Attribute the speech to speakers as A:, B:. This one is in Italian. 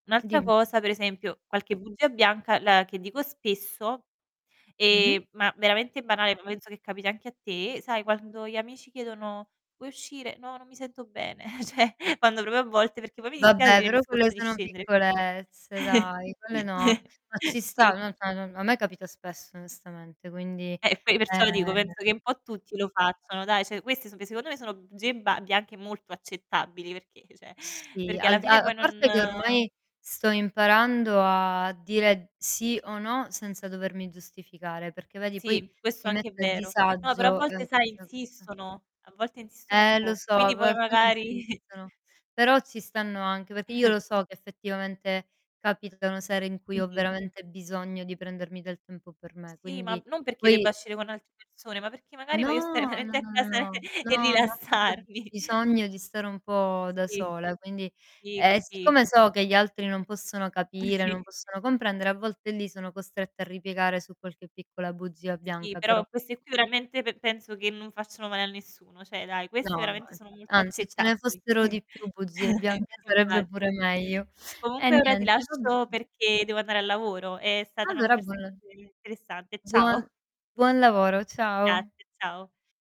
A: Un'altra
B: Dimmi.
A: cosa, per esempio qualche bugia bianca la che dico spesso,
B: Mh-mh.
A: ehm, ma veramente banale, poi penso che capiti anche a te, sai quando gli amici chiedono: "Puoi uscire?", "No non mi sento bene.", cioè quando proprio a volte perché poi mi dispiace di
B: Vabbè
A: dire: "Mi
B: però quelle
A: scoccio di
B: sono
A: scendere".
B: piccolezze, dai, quelle no. Ma ci sta,
A: Sì.
B: [unintelligible] a me capita spesso. onestamente, quindi
A: Eh, poi perciò lo dico,
B: ehm
A: penso che un po' tutti lo facciano, dai. Cioè, queste so che secondo me bugie ba bianche anche molto accettabili perché cioè,
B: S sì,
A: perché alla
B: al a
A: fine
B: a
A: poi non
B: parte che ormai, sto imparando a dire sì o no senza dovermi giustificare, perché vedi poi
A: Sì, questo
B: mi
A: anche è
B: mette a
A: vero. No però a
B: disagio,
A: volte
B: ehm,
A: sai
B: questa cosa.
A: insistono, a volte insistono un
B: Eh lo
A: po',
B: so,
A: quindi
B: però
A: poi
B: alcuni
A: magari
B: insistono, però ci stanno anche, perché io lo so che effettivamente capitano sere in cui ho
A: Mh-mh.
B: veramente bisogno di prendermi del tempo per me,
A: Sì, ma
B: quindi
A: non perché debba
B: poi
A: uscire con altre persone, ma perché magari voglio stare
B: No, no,
A: veramente a
B: no, no,
A: casa e
B: no, no, ho proprio
A: rilassarmi.
B: bisogno di stare un po' da
A: Sì.
B: sola, quindi
A: Sì
B: ehm,
A: così.
B: siccome so che gli altri non possono capire,
A: Sì.
B: non possono comprendere, a volte lì sono costretta a ripiegare su qualche piccola bugia
A: Sì,
B: bianca, però
A: però fosse più realmente p penso che non facciano male a nessuno, cioè, dai.
B: No
A: Queste
B: no,
A: veramente
B: e
A: sono molto
B: anzi ce ne
A: accettabili.
B: fossero di più bugie bianche
A: c
B: sarebbe pure
A: infatti.
B: meglio. Eh
A: Comunque, ora ti
B: niente, va
A: lascio
B: bene.
A: perché devo andare al lavoro, ehm, è stata una
B: Allora
A: conversazione
B: buon
A: interessante.
B: Buon
A: Ciao.
B: buon lavoro,
A: Grazie.
B: ciao.
A: Ciao.